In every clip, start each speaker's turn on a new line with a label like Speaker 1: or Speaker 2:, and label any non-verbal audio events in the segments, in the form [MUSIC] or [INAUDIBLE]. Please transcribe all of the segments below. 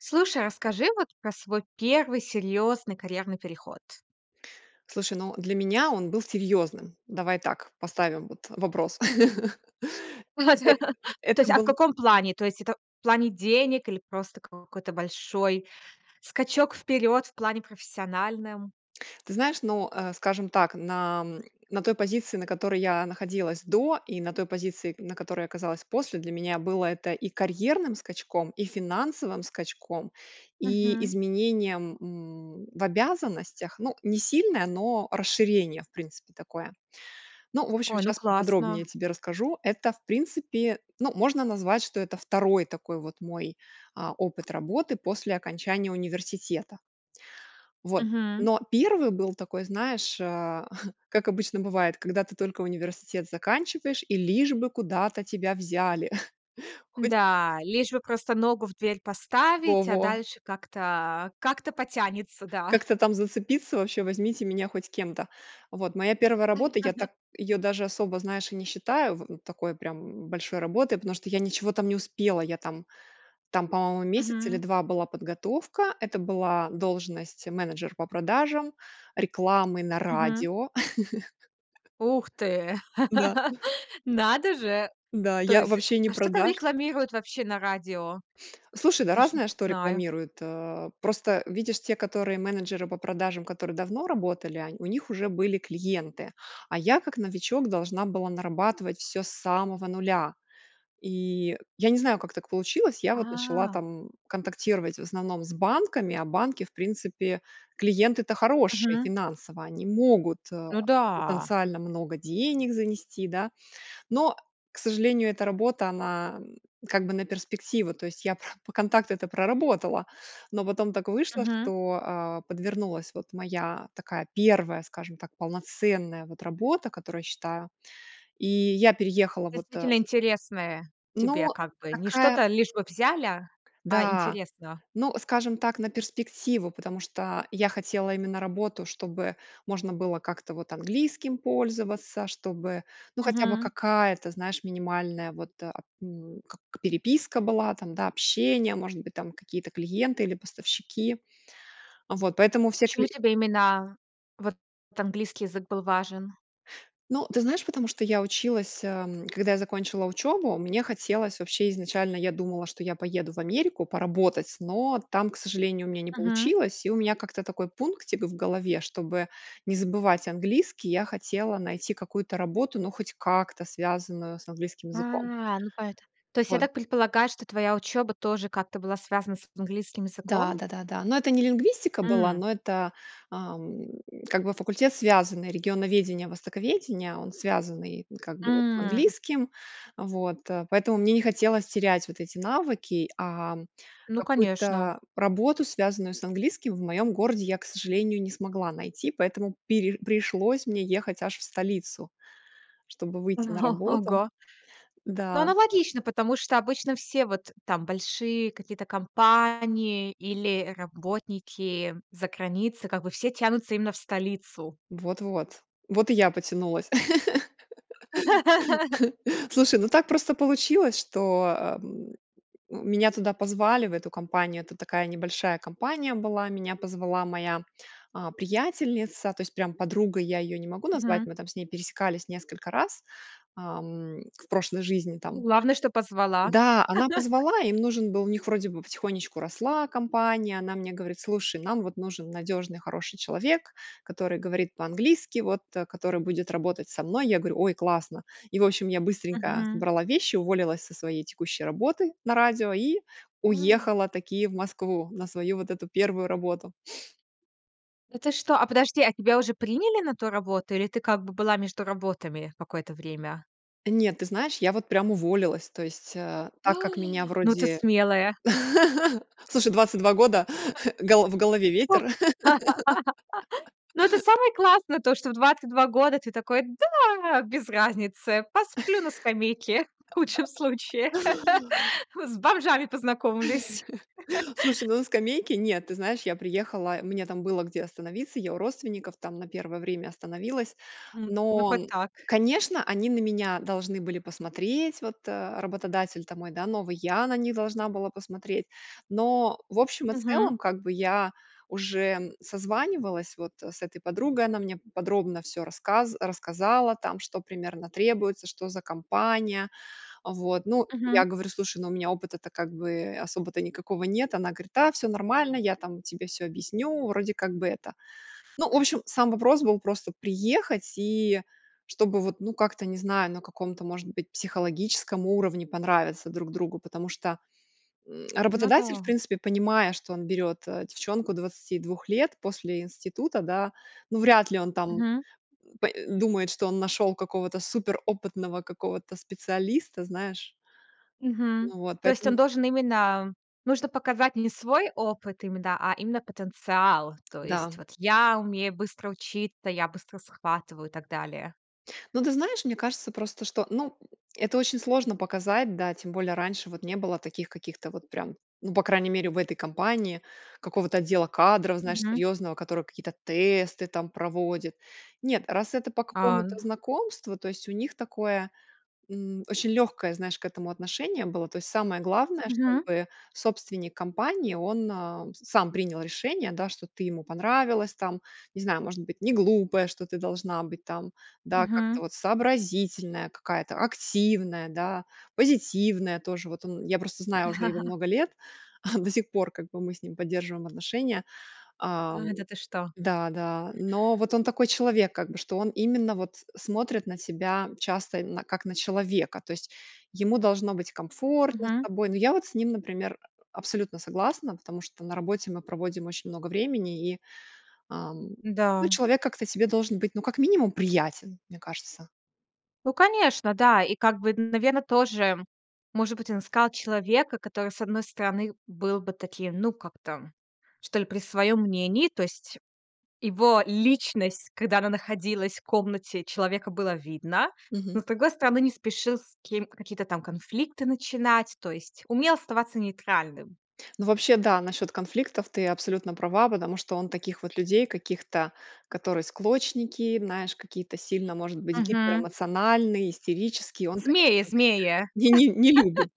Speaker 1: Слушай, а расскажи вот про свой 1 серьёзный карьерный переход.
Speaker 2: Слушай, ну, для меня он был серьёзным. Давай так поставим, вот, э, вопрос. [LAUGHS] Эт
Speaker 1: [LAUGHS] То
Speaker 2: это
Speaker 1: есть, а в
Speaker 2: был
Speaker 1: каком плане? То есть это в плане денег, или просто какой-то большой скачок вперёд, в плане профессиональном?
Speaker 2: Ты знаешь, ну, э, скажем так, на, м, на той позиции на которой я находилась до, и на той позиции н на которой я оказалась после, для меня было это и карьерным скачком, и финансовым скачком, и
Speaker 1: Мгм.
Speaker 2: изменением, м, в обязанностях. Ну, не сильное, но расширение, в принципе, такое. Ну, в общем,
Speaker 1: Ой, ну
Speaker 2: щас поподробнее
Speaker 1: классно.
Speaker 2: тебе расскажу. Это в принципе, ну, можно назвать, что это 2 такой вот мой, а, опыт работы после окончания университета. Вот.
Speaker 1: Мгм.
Speaker 2: Но 1 был такой, знаешь, а, [CHUCKLES] как обычно бывает, когда ты только университет заканчиваешь, и лишь бы куда-то тебя взяли. [CHUCKLES] Хоть
Speaker 1: Да, лишь бы просто ногу в дверь поставить, а
Speaker 2: Во-во.
Speaker 1: дальше как-то, а, как-то потянется, да.
Speaker 2: Как-то там зацепиться, вообще возьмите меня хоть кем-то. Вот моя 1 работа, я
Speaker 1: [LAUGHS]
Speaker 2: так её даже особо, знаешь, и не считаю в такой прям, м, большой работой, потому что я ничего там не успела. Я там там по-моему месяц или
Speaker 1: Мгм.
Speaker 2: 2 была подготовка. Это была должность менеджер по продажам рекламы на
Speaker 1: Мгм.
Speaker 2: радио.
Speaker 1: Ух ты.
Speaker 2: [LAUGHS] Да.
Speaker 1: [LAUGHS] Надо же!
Speaker 2: Да
Speaker 1: То
Speaker 2: я
Speaker 1: есть
Speaker 2: вобще не
Speaker 1: а что там
Speaker 2: продаж
Speaker 1: рекламируют вообще на радио?
Speaker 2: Слушай, да
Speaker 1: Даже не
Speaker 2: разное что
Speaker 1: знаю.
Speaker 2: рекламируют, э. Просто видишь те, которые менеджеры по продажам, которые давно работали он у них уже были клиенты. А я, как новичок, должна была нарабатывать всё с самого 0. И я не знаю, как так получилось. Я вот начала
Speaker 1: А.
Speaker 2: там контактировать, в основном, с банками, а банки в принципе- клиенты-то хорошие
Speaker 1: Мгм.
Speaker 2: финансово. Они могут, а,
Speaker 1: Ну да.
Speaker 2: потенциально много денег занести, да. Но, к сожалению, эта работа она, м, как бы на перспективу. То есть я про по контакту это проработала, но потом так вышло,
Speaker 1: Мгм.
Speaker 2: что, а, подвернулась вот моя такая 1, скажем так, полноценная вот работа, которую я считаю. И я переехала вот, а,
Speaker 1: Действительно
Speaker 2: з
Speaker 1: интересное тебе
Speaker 2: Ну,
Speaker 1: как бы. Не
Speaker 2: такая
Speaker 1: что-то лишь бы взяли, а
Speaker 2: да.
Speaker 1: интересно.
Speaker 2: Ну, скажем так, на перспективу, потому что я хотела именно работу, чтобы можно было как-то вот английским пользоваться, чтобы, ну хотя бы
Speaker 1: Мгм.
Speaker 2: какая-то, знаешь, минимальная вот, а, м, как переписка была, там, да, общение, может быть, там какие-то клиенты или поставщики. Вот поэтому все
Speaker 1: Почему
Speaker 2: кли
Speaker 1: тебе именно1 вот английский язык был важен?
Speaker 2: Ну, ты знаешь, потому что я училась, ам. Когда я закончила учебу, мне хотелось вообще изначально, я думала, что я поеду в Америку поработать, но там, к сожалению, у меня не
Speaker 1: Мгм.
Speaker 2: получилось. И у меня как-то такой пунктик в голове. Чтобы не забывать английский я хотела найти какую-то работу, ну хоть как-то связанную с английским языком.
Speaker 1: А, ну поэто то есть я
Speaker 2: Вот.
Speaker 1: так предполагаю, что твоя учёба тоже как-то была связана с английским
Speaker 2: Да,
Speaker 1: языком?
Speaker 2: да-да-да. Но это не лингвистика была,
Speaker 1: М.
Speaker 2: но это, ам, как бы факультет связанный. Регионоведение, востоковедение, он связанный, как бы вот, с
Speaker 1: М.
Speaker 2: английским. Вот, а, поэтому мне не хотелось терять вот эти навыки, ам,
Speaker 1: Ну конечно.
Speaker 2: какую-то работу, связанную с английским, в моём городе я, к сожалению, не смогла найти. Поэтому пере пришлось мне ехать аж в столицу, чтобы
Speaker 1: О,
Speaker 2: выйти на работу.
Speaker 1: ого. Ну,
Speaker 2: Да.
Speaker 1: аналогично, потому что обычно все вот, там, большие какие-то компании, или работники заграницы, как бы все тянутся именно в столицу.
Speaker 2: Вот вот. Вот и я потянулась.
Speaker 1: [LAUGHS]
Speaker 2: [LAUGHS] Слушай, ну так просто получилось, что, э, м, меня туда позвали в эту компанию. Это такая небольшая компания была. Меня позвала моя, а, приятельница. То есть прям подругой я её не могу назвать.
Speaker 1: Мгм.
Speaker 2: Мы там с ней пересекались несколько раз, ам, в прошлой жизни
Speaker 1: Ну,
Speaker 2: там.
Speaker 1: главное, что позвала.
Speaker 2: Да, она позвала им
Speaker 1: [LAUGHS]
Speaker 2: нужен был, у них вроде бы потихонечку росла компания. Она мне говорит: "Слушай, нам вот нужен надёжный, хороший человек, который говорит по-английски вот а который будет работать со мной". Я говорю: "Ой, классно!" И в общем я быстренько
Speaker 1: Мгм.
Speaker 2: собрала вещи, уволилась со своей текущей работы на радио, и
Speaker 1: [GASPS] А.
Speaker 2: уехала таки в Москву на свою вот эту 1 работу. [SNIFFS]
Speaker 1: Это что? А подожди, а тебя уже приняли на ту работу, или ты как бы была между работами, какое-то время?
Speaker 2: Нет, ты знаешь, я вот прям уволилась, то есть, э,
Speaker 1: [GASPS] А!
Speaker 2: так как меня
Speaker 1: Ну, ты
Speaker 2: вроде.
Speaker 1: смелая.
Speaker 2: [LAUGHS] Слушай, 22 года, [LAUGHS] голо в голове
Speaker 1: О.
Speaker 2: ветер.
Speaker 1: [LAUGHS] Ну, это
Speaker 2: [LAUGHS]
Speaker 1: самое классное то, что в 22 года ты такой: "Да, без разницы, посплю на скамейке в худшем
Speaker 2: [LAUGHS]
Speaker 1: случае, [LAUGHS] с бомжами познакомлюсь".
Speaker 2: [LAUGHS] Слушай,
Speaker 1: [LAUGHS]
Speaker 2: ну, на скамейке, нет. Ты знаешь, я приехала и мне там было где остановиться. Я у родственников там на первое время остановилась.
Speaker 1: М, ну
Speaker 2: Но,
Speaker 1: хоть
Speaker 2: м,
Speaker 1: так.
Speaker 2: конечно, они на меня должны были посмотреть. Вот, э, работодатель, там, мой, да, новый. Я на них должна была посмотреть. Но в общем и
Speaker 1: Мгм.
Speaker 2: целом, как бы я уже, м, созванивалась вот, э, с этой подругой. Она мне п подробно всё рассказ рассказала, там, что примерно требуется, что за компания. Вот, ну, я
Speaker 1: Мгм.
Speaker 2: говорю: "Слушай, ну, у меня опыта то как бы, э, особо-то никакого нет". Она говорит: "Да всё нормально, я там тебе всё объясню. Вроде как бы это". Ну, в общем, сам вопрос был просто приехать и чтобы вот, ну, как-то не знаю, на каком-то может быть психологическом уровне понравиться друг другу. Потому что, м,
Speaker 1: Ну
Speaker 2: работодатель в
Speaker 1: да.
Speaker 2: принципе, понимая, что он берёт, а, девчонку 22 лет после института, да, ну, вряд ли он, там,
Speaker 1: Мгм.
Speaker 2: по э, думает, что он нашёл какого-то супер опытного какого-то специалиста, знаешь.
Speaker 1: Мгм.
Speaker 2: Ну вот,
Speaker 1: То есть
Speaker 2: поэтому.
Speaker 1: он должен именно нужно показать не свой опыт име да, а именно потенциал. То есть:
Speaker 2: Да.
Speaker 1: "Вот я умею быстро учиться, я быстро схватываю" и так далее.
Speaker 2: Ну, ты знаешь, мне кажется просто, что, ну, это очень сложно показать, да. Тем более раньше вот не было таких каких-то вот прям, ну по крайней мере в этой компании, какого-то отдела кадров, знаешь,
Speaker 1: Мгм.
Speaker 2: серьёзного, который какие-то тесты, там, проводит. Нет, раз это по
Speaker 1: А,
Speaker 2: какому-то
Speaker 1: н
Speaker 2: знакомству, то есть у них такое, м, очень лёгкое, знаешь, к этому отношение было. То есть самое главное,
Speaker 1: Мгм.
Speaker 2: чтобы собственник компании он, а, сам принял решение, да, что ты ему понравилась, там. Не знаю, может быть, не глупая, что ты должна быть, там, да, как-то
Speaker 1: Мгм.
Speaker 2: вот сообразительная какая-то, активная, да, позитивная тоже. Вот он я просто знаю уже его
Speaker 1: [LAUGHS]
Speaker 2: много лет, [CHUCKLES] до сих пор как бы мы с ним поддерживаем отношения. Ам
Speaker 1: А, да ты что?
Speaker 2: да, да. Но вот он такой человек как бы, что он именно вот смотрит на тебя часто, именно как на человека. То есть ему должно быть комфортно с
Speaker 1: Мгм.
Speaker 2: тобой. Но я вот с ним, например, абсолютно согласна, потому что на работе мы проводим очень много времени и, ам, ну,
Speaker 1: Да.
Speaker 2: человек как-то тебе должен быть, ну, как минимум, приятен, мне кажется.
Speaker 1: Ну, конечно, да. И как бы, наверно, тоже, может быть, он искал человека, который, с одной стороны, был бы таким, ну, как-то, что ли, при своём мнении, то есть его личность, когда она находилась в комнате, человека было видно,
Speaker 2: Мгм.
Speaker 1: но с другой стороны не спешил с кем какие-то там конфликты начинать, то есть умел оставаться нейтральным.
Speaker 2: Ну вообще, да, насчет конфликтов ты абсолютно права, потому что он таких вот людей каких-то, которые склочники, знаешь, какие-то сильно, может быть,
Speaker 1: Мгм.
Speaker 2: гиперэмоциональные, истерические, он, конечно,
Speaker 1: Змеи
Speaker 2: таких
Speaker 1: змеи! [LAUGHS]
Speaker 2: не не не любит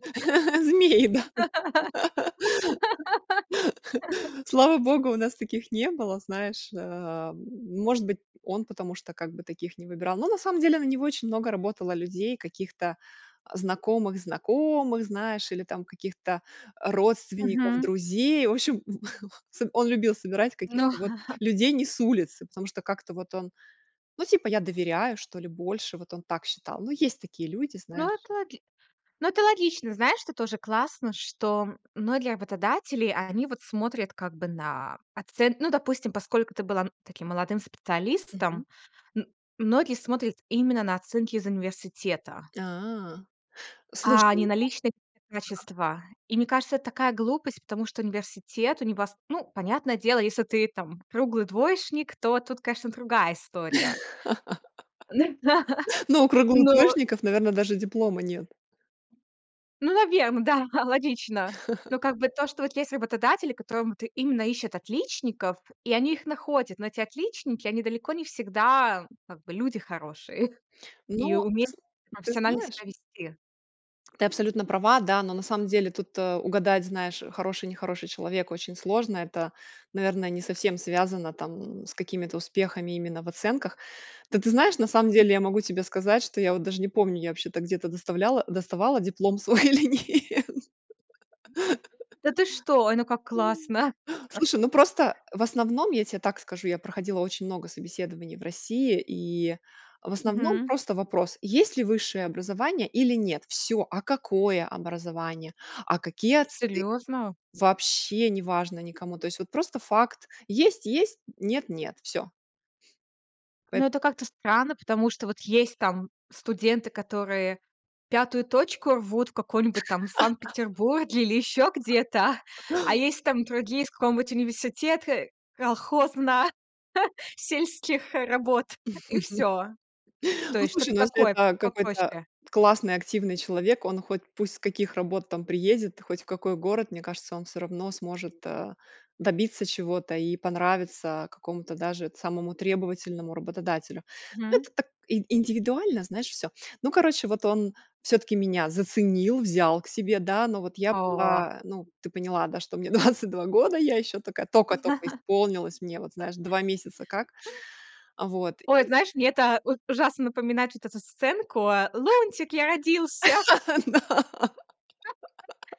Speaker 2: змей, да. [LAUGHS] Слава Богу, у нас таких не было, знаешь, да. Может быть, он потому что таких не выбирал. Но на самом деле на него очень много работало людей каких-то знакомых знакомых знаешь, или там каких-то или родственников
Speaker 1: Мгм.
Speaker 2: друзей. В общем, [LAUGHS] он любил собирать
Speaker 1: Ну
Speaker 2: каких-то вот
Speaker 1: [CHUCKLES]
Speaker 2: людей не с улицы. Потому что как-то вот он, ну типа: "Я доверяю", что ли больше. Вот он так считал. Ну есть такие люди,
Speaker 1: Ну
Speaker 2: знаешь.
Speaker 1: это логи ну это логично. Знаешь, что тоже классно, что многие работодатели, они вот смотрят как бы на оцен Ну, допустим, поскольку ты была, м, таким молодым
Speaker 2: Мгм.
Speaker 1: специалистом, м, многие смотрят именно на оценки из университета
Speaker 2: А. Слушай,
Speaker 1: а не
Speaker 2: ну.
Speaker 1: на личные
Speaker 2: Ага.
Speaker 1: качества. И, мне кажется, это такая глупость, потому что университет у него с ну, понятное дело, если ты, там, круглый двоечник, то тут, конечно, другая история. Ну да.
Speaker 2: [LAUGHS] Но у круглых
Speaker 1: Ну.
Speaker 2: двоешников, наверное, даже диплома нет.
Speaker 1: Ну, наверно, да, да, логично. Ну
Speaker 2: [LAUGHS]
Speaker 1: как бы то, что вот есть работодатели, которые вот именно ищут отличников, и они их находят, но эти отличники, они далеко не всегда, как бы, люди хорошие, и
Speaker 2: Но
Speaker 1: умеют
Speaker 2: ты
Speaker 1: профессионально
Speaker 2: знаешь
Speaker 1: себя вести.
Speaker 2: Ты абсолютно права да но на самом деле тут, э, угадать знаешь хороший нехороший человек очень сложно это наверное не совсем связано там с какими-то успехами именно в оценках. Ты ты знаешь, на самом деле я могу тебе сказать, что я вот даже не помню я вообще-то где-то доставляла доставала диплом свой или нет.
Speaker 1: [CHUCKLES] Да ты что? Ой ну как классно!
Speaker 2: [LAUGHS] Слушай, ну
Speaker 1: [LAUGHS]
Speaker 2: просто в основном я те так скажу, я проходила очень много собеседований в России, и в основном
Speaker 1: Мгм.
Speaker 2: просто вопрос: "Есть ли высшее образование или нет". Всё! А какое образование? А какие оценки?
Speaker 1: Серьезно?
Speaker 2: Вообще неважно никому. То есть вот просто факт есть есть, нет нет, всё.
Speaker 1: Но
Speaker 2: Поэтому
Speaker 1: это как-то странно, потому что вот есть там студенты, которые 5 точку рвут в каком-нибудь там в
Speaker 2: [LAUGHS]
Speaker 1: Санкт-Петербурге, или ещё где-то,
Speaker 2: [LAUGHS]
Speaker 1: [CHUCKLES] а есть там другие с какого-нибудь университеты колхозно [CHUCKLES] сельских работ, и всё.
Speaker 2: [LAUGHS]
Speaker 1: То
Speaker 2: Ну
Speaker 1: есть
Speaker 2: слушай,
Speaker 1: что-то
Speaker 2: ну если
Speaker 1: такое,
Speaker 2: это какой-то
Speaker 1: попроще.
Speaker 2: классный активный человек, он хоть пусть с каких работ там приедет, хоть в какой город, мне он всё равно сможет, а, добиться чего-то и понравиться какому то даже самому требовательному работодателю. Ну
Speaker 1: Мгм.
Speaker 2: это так и индивидуально, знаешь всё. Ну короче, вот он всё таки меня заценил, взял к себе, да ну вот я
Speaker 1: О.
Speaker 2: была, ну ты поняла, да, что мне 22 года, я еще такая тока тока исполнилась мне вот знаешь 2 месяца как.
Speaker 1: [LAUGHS]
Speaker 2: Вот
Speaker 1: Ой, знаешь, мне это уж ужасно напоминает вот эту сценку, а, "Лунтик, я родился!"
Speaker 2: [LAUGHS] Да.
Speaker 1: [LAUGHS]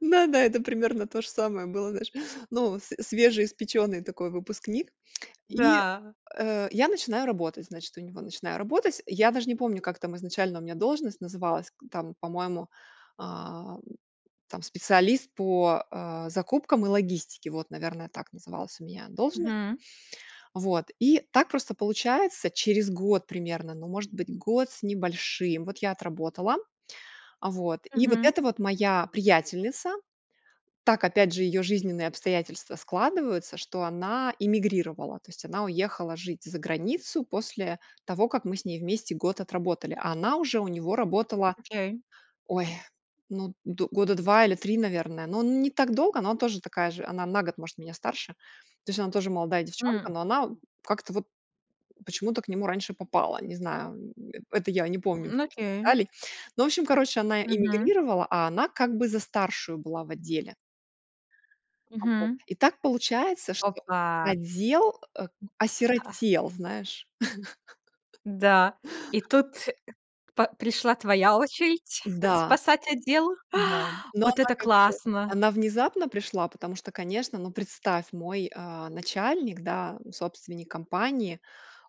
Speaker 2: Ну да это примерно то же самое было знаешь. Ну, све свежеиспеченный такой выпускник [CLICKS TONGUE] и,
Speaker 1: Да.
Speaker 2: э, я начинаю работать значит у него начинаю работать я даже не помню как там изначально у меня должность называлась к там по-моему, ам, там специалист по, а, закупкам и логистике, вот наверное так называлась у меня должность
Speaker 1: Мгм.
Speaker 2: вот, и так просто получается через год примерно Ну может быть год с небольшим вот я отработала, а, вот, и вот
Speaker 1: Мгм.
Speaker 2: это вот моя приятельница. Так опять же ее жизненные обстоятельства складываются, что она иммигрировала. То есть она уехала жить за границу после того, как мы с ней вместе год отработали. А она уже у него работала, [INHALES]
Speaker 1: Окей.
Speaker 2: ой, ну, д года 2 или 3, наверное, но не так долго, но она тоже такая же. Она на год может меня старше. То есть она тоже молодая девчонка,
Speaker 1: М.
Speaker 2: но она, м, как-то вот почему-то к нему раньше попала. Не знаю, м, это я не помню вот
Speaker 1: М,
Speaker 2: этих
Speaker 1: окей.
Speaker 2: деталей. Ну в общем, короче, она
Speaker 1: Мгм.
Speaker 2: эмигрировала, а она как бы за старшую была в отделе. Вот
Speaker 1: Мгм.
Speaker 2: и так получается, что
Speaker 1: Опа!
Speaker 2: отдел, а,
Speaker 1: Ха!
Speaker 2: осиротел знаешь.
Speaker 1: Да, и
Speaker 2: [LAUGHS]
Speaker 1: тут по пришла твоя очередь [CHUCKLES]
Speaker 2: Да.
Speaker 1: спасать отдел.
Speaker 2: Да.
Speaker 1: [INHALES] А,
Speaker 2: Но
Speaker 1: вот
Speaker 2: она
Speaker 1: это
Speaker 2: как бы,
Speaker 1: классно!
Speaker 2: она внезапно пришла, потому что, конечно, ну представь мой, а, начальник, да собственник компании,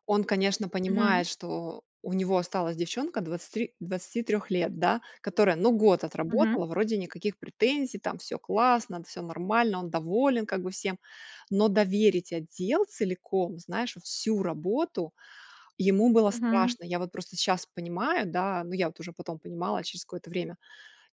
Speaker 2: он конечно
Speaker 1: Мгм.
Speaker 2: понимает, что у него осталась девчонка 23 23 лет да, которая ну год
Speaker 1: Мгм.
Speaker 2: отработала. Вроде никаких претензий, там всё классно, д всё нормально, он доволен как бы всем. Но доверить отдел целиком, знаешь, вот всю работу, ему было
Speaker 1: Мгм.
Speaker 2: страшно. Я вот просто щас понимаю, да, ну я вот уже потом понимала через какое-то время.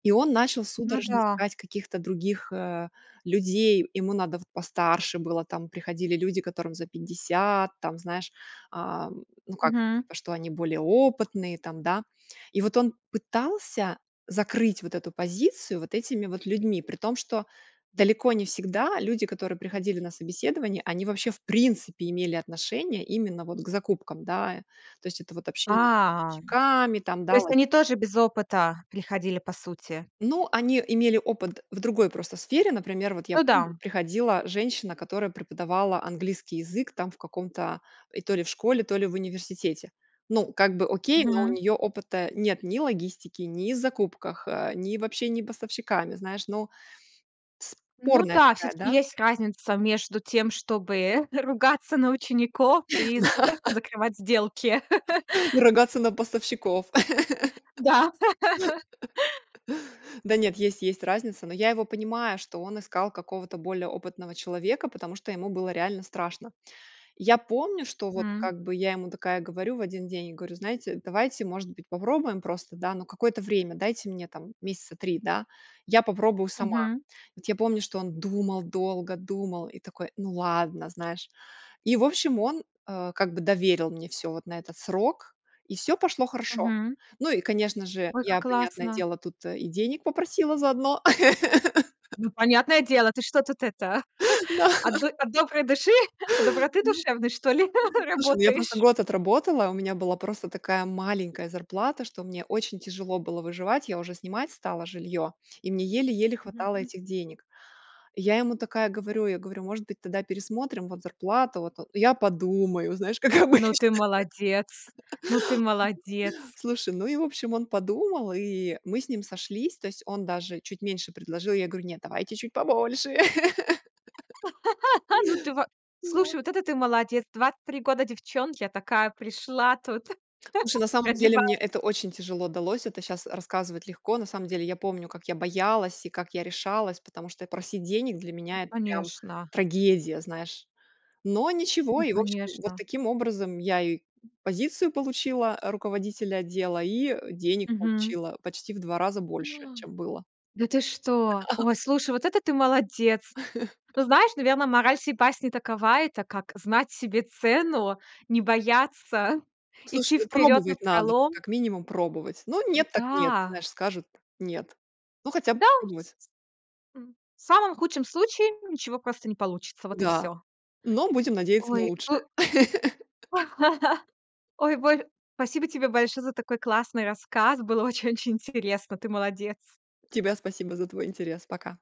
Speaker 2: И он начал
Speaker 1: Ну
Speaker 2: судорожно
Speaker 1: да.
Speaker 2: искать каких-то других, э, людей. Ему надо вот постарше было, там приходили люди, которым за 50, там знаешь. Ам, ну как бы
Speaker 1: Мгм.
Speaker 2: что они более опытные там, да. И вот он пытался закрыть вот эту позицию вот этими вот людьми. При том, что далеко не всегда люди, которые приходили на собеседование, они, вообще, в принципе, имели отношение именно вот к закупкам, да, то есть это вот общение с
Speaker 1: А.
Speaker 2: поставщиками, там
Speaker 1: То
Speaker 2: да
Speaker 1: есть
Speaker 2: вот.
Speaker 1: они тоже без опыта приходили, по сути?
Speaker 2: Ну они имели опыт в другой просто сфере, например, вот я
Speaker 1: Ну
Speaker 2: помню
Speaker 1: да.
Speaker 2: приходила женщина, которая преподавала английский язык там в каком-то и то ли в школе, то ли в университете. Ну как бы окей, но у
Speaker 1: Мгм.
Speaker 2: нее опыта нет, ни логистики, ни в закупках, ни в общении поставщиками, знаешь, ну,
Speaker 1: Ну
Speaker 2: спорная
Speaker 1: да,
Speaker 2: такая,
Speaker 1: все-таки
Speaker 2: да.
Speaker 1: есть разница между тем, чтобы ругаться на учеников, и з
Speaker 2: Да.
Speaker 1: закрывать сделки. [LAUGHS]
Speaker 2: Ругаться на поставщиков.
Speaker 1: Да. [LAUGHS]
Speaker 2: [LAUGHS] Да нет есть есть разница, но я его понимаю, что он искал какого-то более опытного человека, потому что ему было реально страшно. Я помню, что вот
Speaker 1: М.
Speaker 2: как бы я ему такая говорю в один день, и говорю: "Знаете, давайте может быть попробуем просто да но какое-то время дайте мне там месяца 3 да, я попробую сама".
Speaker 1: Мгм.
Speaker 2: Вот я помню, что он думал, долго думал и такой: "Ну ладно", знаешь. И в общем, он, а, как бы доверил мне всё вот на этот срок, и всё пошло хорошо.
Speaker 1: Мгм.
Speaker 2: Ну и, конечно же,
Speaker 1: Ой, как
Speaker 2: я, понятное
Speaker 1: классно!
Speaker 2: дело, тут, э, и денег попросила заодно. [LAUGHS]
Speaker 1: Ну, понятное дело, ты что тут это,
Speaker 2: Да.
Speaker 1: [CHUCKLES] от до от доброй души, доброты
Speaker 2: Ну.
Speaker 1: душевной, что ли [CHUCKLES]
Speaker 2: Слушай, ну я просто
Speaker 1: работаешь?
Speaker 2: год отработала, у меня была просто такая маленькая зарплата, что мне очень тяжело было выживать. Я уже снимать стала жилье и мне еле еле хватало
Speaker 1: Мгм.
Speaker 2: этих денег. И я ему такая говорю, я говорю: "Может быть, тогда пересмотрим вот зарплату вот", "Я подумаю", знаешь, как
Speaker 1: Ну
Speaker 2: обычно.
Speaker 1: ты молодец! Ну ты
Speaker 2: [LAUGHS]
Speaker 1: молодец!
Speaker 2: Слушай, ну и в общем, он подумал, и мы с ним сошлись. То есть он даже чуть меньше предложил. Я говорю: "Нет, давайте чуть побольше". [LAUGHS]
Speaker 1: [LAUGHS] Ну ты во
Speaker 2: Да.
Speaker 1: слушай, вот это ты молодец! 23 года девчонке а такая пришла тут! [CHUCKLES]
Speaker 2: Слушай, на самом деле мне
Speaker 1: Прогибает!
Speaker 2: это очень тяжело далось, это щас рассказывать легко. На самом деле я помню, как я боялась и как я решалась, потому что просить денег для
Speaker 1: Ну
Speaker 2: меня это прям
Speaker 1: конечно!
Speaker 2: трагедия, знаешь, но ничего,
Speaker 1: Ну
Speaker 2: и в общем вот
Speaker 1: конечно!
Speaker 2: таким образом, я и позицию получила руководителя отдела, и денег
Speaker 1: Мгм.
Speaker 2: получила почти в два раза
Speaker 1: [INHALES] А!
Speaker 2: больше, чем было.
Speaker 1: Да ты что?
Speaker 2: Да.
Speaker 1: Ой, слушай, вот это ты молодец!
Speaker 2: [LAUGHS]
Speaker 1: Но знаешь, наверное, мораль сей басни такова, это как знать себе цену, не бояться,
Speaker 2: Слушай,
Speaker 1: идти
Speaker 2: ну
Speaker 1: вперёд
Speaker 2: пробовать надо,
Speaker 1: напролом.
Speaker 2: как минимум пробовать. Ну нет, так нет.
Speaker 1: Да!
Speaker 2: Знаешь, скажут нет. Ну хотя бы
Speaker 1: Да вс
Speaker 2: попробовать.
Speaker 1: м в самом худшем случае ничего просто не получится. Вот и
Speaker 2: Да,
Speaker 1: всё.
Speaker 2: но будем надеяться на
Speaker 1: Ой у
Speaker 2: лучшее. [LAUGHS]
Speaker 1: [LAUGHS] Ой вой спасибо тебе большое за такой классный рассказ, было очень очень интересно, ты молодец!
Speaker 2: Тебе спасибо за твой интерес. Пока.